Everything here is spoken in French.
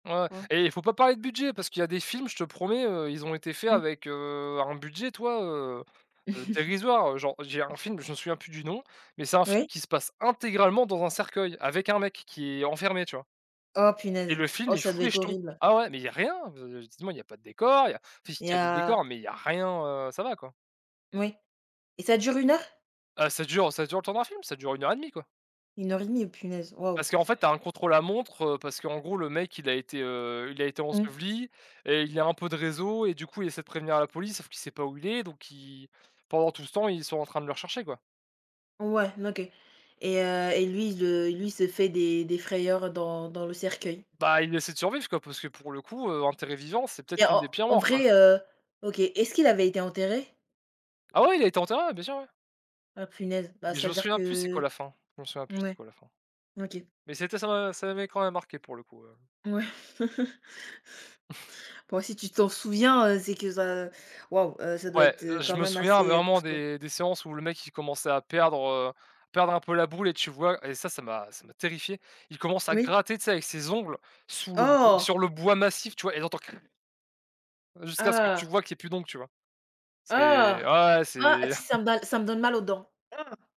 Ouais. Quoi? Et il faut pas parler de budget, parce qu'il y a des films, je te promets, heu, ils ont été faits Oui. avec, heu, un budget, tu vois, heu heu, dérisoire. Genre, j'ai un film, je me souviens plus du nom, mais c'est un film Oui. qui se passe intégralement dans un cercueil avec un mec, qui est enfermé, tu vois? Oh Et punaise, le film, oh il ça fout doit les être jetons. horrible! Ah ouais! Mais il y a rien, de de, justement, il y a pas de décor, il y a enfin si, Et tu as du heu décor mais il y a rien, heu, ça va, quoi. Moui. Et ça dure 1 heure? Heu, ça dure ça dure le temps d'un film, ça dure 1 heure 1/2, quoi. 1 heure 1/2? Oh punaise, waouh! Parce qu'en fait, tu as un contre-la-montre, heu, parce qu'en gros, le mec, il a été, heu, il a été Mmh. enseveli et il a un peu de réseau et du coup, il essaie de prévenir la police, sauf qu'il sait pas où il est, donc il pendant tout ce temps, ils sont en train de le rechercher, quoi. Ouais, n OK. Et heu et lui, il, heu, lui se fait des des frayeurs, heu, dans dans le cercueil. Bah, il essaie de survivre quoi, parce que pour le coup, heu, enterré vivant, c'est peut-être Et une en des pires en morts, quoi. vrai, heu? OK, est-ce qu'il avait été enterré? Ah ouais, il a été enterré, ouais, bien sûr, ouais. Oh punaise! Bah, Mais je me c'est-à-dire souviens plus c'est quoi que la fin. Je m'en souviens plus c'est mouais. quoi la fin. OK. Mais c'était ça m'a ça m'avait quand même marqué pour le coup, heu. Mouais! Bon, si tu t'en souviens, heu, c'est que ça waouh! Heu, ça doit Ouais, être, heu, je quand me même souviens assez, heu, vraiment costaud. des des séances où le mec il commençait à perdre, heu, perdre un peu la boule et tu vois, et ça, ça m'a ça m'a terrifié. Il commence à Oui. gratter, tu sais, avec ses ongles sous le b sur Oh! le bois massif, tu vois, et là tu entends: «Krr». Jusqu'à ce que tu Ah! vois qu'il y ait plus d'ongles, tu vois? C'est, Ah! ah, ouais, ouais, Ah! c'est Tu sais, ça me donne ça me donne mal aux dents. Ah!